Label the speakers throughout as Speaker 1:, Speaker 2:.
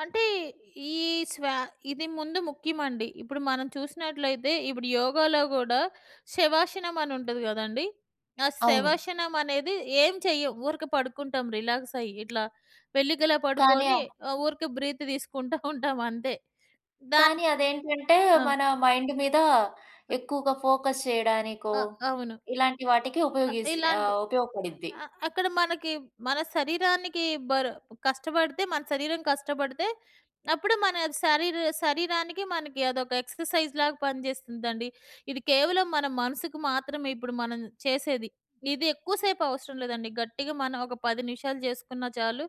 Speaker 1: అంటే ఈ స్వా ఇది ముందు ముఖ్యమండి. ఇప్పుడు మనం చూసినట్లయితే ఇప్పుడు యోగాలో గూడా శవాషనమని ఉంటది గదండీ! ఆ
Speaker 2: అవును.
Speaker 1: శవాషనమనేది ఏం చెయ్యం. ఊరక పడుకుంటాం రిలాక్సయ్యి, ఇట్లా వెల్లికిలా
Speaker 2: కానీ ఆ
Speaker 1: పడుకొని ఆహ్, ఊరికే బ్రీత్ దీసుకుంటా ఉంటాం అంతే. దాన్
Speaker 2: కానీ అదేంటంటే
Speaker 1: ఆ!
Speaker 2: మన మైండ్ మీద
Speaker 1: అ
Speaker 2: ఎక్కువగా ఫోకస్ చేయడానికో
Speaker 1: ఆ! అవును.
Speaker 2: ఇలాంటి వాటికి
Speaker 1: అ
Speaker 2: ఉపయోగిస్
Speaker 1: ఇలాంటి
Speaker 2: ఆహ్, ఉపయోగపడిద్ది.
Speaker 1: అ అక్కడ మనకి మన శరీరానికి బరు కష్టబడితే మన శరీరం కష్టపడితే, అప్పుడు మన శరీరు శరీరానికి మనకి అదొక ఎక్సర్‌సైజ్‌లాగా పనిజేస్తుందండి. ఇది కేవలం మన మనసుకు మాత్రమే ఇప్పుడు మనం చేసేది. ఇది ఎక్కువ సేపు అవసరం లేదండి. గట్టిగా మనం ఒక 10 నిమిషాలు జేసుకున్నా చాలు.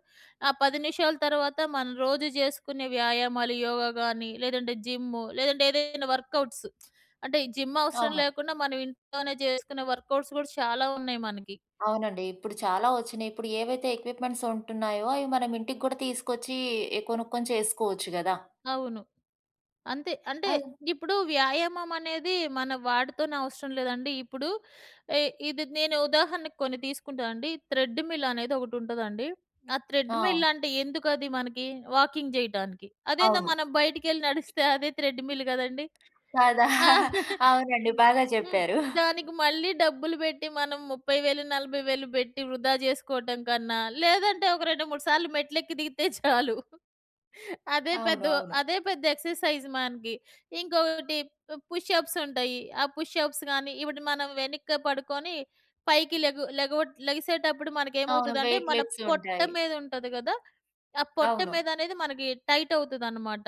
Speaker 1: ఆ 10 నిమిషాలు తర్వాత మనం రోజూ జేసుకునే వ్యాయామాలు యోగా గానీ, లేదంటే జిమ్ లేదంటే ఏదైనా వర్కౌట్స్. అంటే ఈ జిమ్ అవసరం
Speaker 2: అవును.
Speaker 1: లేకుండా మనం ఇంట్లోనే జేసుకునే వర్కౌట్స్ గూడా చాలా ఉన్నాయి మనకి.
Speaker 2: అవునండి. ఇప్పుడు చాలా వచ్చినయి. ఇప్పుడు ఏవైతే ఎక్విప్‌మెంట్స్ ఉంటున్నాయో, అవి మనం ఇంటికి కూడా తీసుకొచ్చి, కొనుక్కొని చేసుకోవచ్చు గదా!
Speaker 1: అవును. అంతే. అంటే
Speaker 2: అన్
Speaker 1: ఇప్పుడు వ్యాయామమనేది మన వాటితోనే అవసరం లేదండి. ఇప్పుడు ఎ ఇది నేను ఉదాహరణకు కొన్ని తీసుకుంటానండి. థ్రెడ్డుమిల్ అనేది ఒకటుంటదండి. ఆ
Speaker 2: ఆ!
Speaker 1: థ్రెడ్‌మిల్లంటే ఎందుకది మనకి, వాకింగ్ జెయ్యటానికి. అదేందో
Speaker 2: అవును.
Speaker 1: మనం బయటికెళ్ళి నడిస్తే అదే థ్రెడ్‌మిల్ గదండీ.
Speaker 2: కదా! అవునండి.
Speaker 1: హ్మ్.
Speaker 2: బాగా
Speaker 1: హ్మ్.
Speaker 2: చెప్పారు.
Speaker 1: దానికి మళ్ళీ డబ్బులు బెట్టి మనం 30,000, 40,000 బెట్టి వృధా జేసుకోవటం కన్నా లేదంటే, ఒక 2, 3 సార్లు మెట్లెక్కి దిగితే చాలు. అదే
Speaker 2: అవును.
Speaker 1: పెద్దు
Speaker 2: అవును.
Speaker 1: అదే పెద్ద ఎక్సర్‌సైజ్ మనకి. ఇంకొకటి పుష్ అప్స్ ఉంటాయి. ఆ పుష్ అప్స్ గానీ ఇవుడు మనం వెనక్కి పడుకొని పైకి లెగు లెగువుట్ లెగిసేటప్పుడు మనకి
Speaker 2: అవును.
Speaker 1: ఏమవుతుదంటే
Speaker 2: వెయిట్
Speaker 1: మన
Speaker 2: లిఫ్ట్స్
Speaker 1: పొట్ట
Speaker 2: ఉంటాయి.
Speaker 1: మీదుంటది గదా! ఆ పొట్ట
Speaker 2: అవును.
Speaker 1: మీదనేది మనకి టైటవుతదనమాట.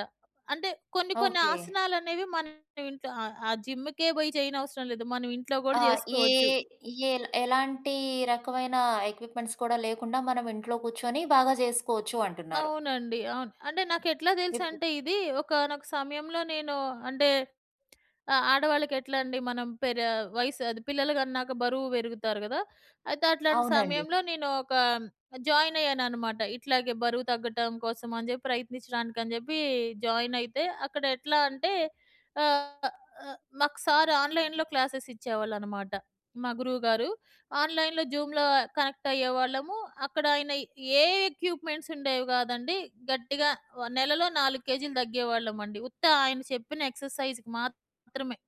Speaker 1: అంటే కొన్ని కొన్ని
Speaker 2: ఓకే.
Speaker 1: ఆసనాలనేవి మనం ఇంట్లో ఆ ఆ జిమ్‌కే బోయి జేయనవసరం లేదు. మనం ఇంట్లో గూడా
Speaker 2: ఆ! ఏ
Speaker 1: జేసుకోవచ్చు.
Speaker 2: ఏల్ ఎలాంటి రకమైన ఎక్విప్‌మెంట్స్ కూడా లేకుండా మనం ఇంట్లో కూర్చొని బాగా జేసుకోవచ్చు అంటున్నారు.
Speaker 1: అవునండి. అవును. అంటే నాకెట్లా
Speaker 2: ఎప్పుడు?
Speaker 1: తెలుసంటే ఇది ఒకానొక సమయంలో నేను అంటే ఆహ్, ఆడవాళ్ళకి ఎట్లండి మనం పేరే వయసు అది పిల్లలు గన్నాక బరువు బెరుగుతారు కదా! అయితే అట్లాంటి
Speaker 2: అవునండి.
Speaker 1: సమయంలో నేను ఒక జాయిన్ అయ్యాననమాట. ఇట్లాగే బరువు తగ్గటం కోసం అని చెప్పి ప్రయత్నించడానికని జెప్పి జాయినయితే అక్కడ ఎట్లా అంటే ఆహ్, ఆహ్, మాకు సారు ఆన్‌లైన్‌లో క్లాసెసిచ్చేవాళ్ళనమాట. మా గురువుగారు ఆన్‌లైన్‌లో జూమ్‌లో కనెక్ట్ అయ్యేవాళ్ళము. అక్కడాయన ఏ ఎక్విప్‌మెంట్స్ ఉండేవి గాదండి. గట్టిగా వ నెలలో 4 కేజీలు తగ్గేవాళ్ళమండి. ఉత్త ఆయన చెప్పిన ఎక్సర్‌సైజ్‌కి మాత్రమే.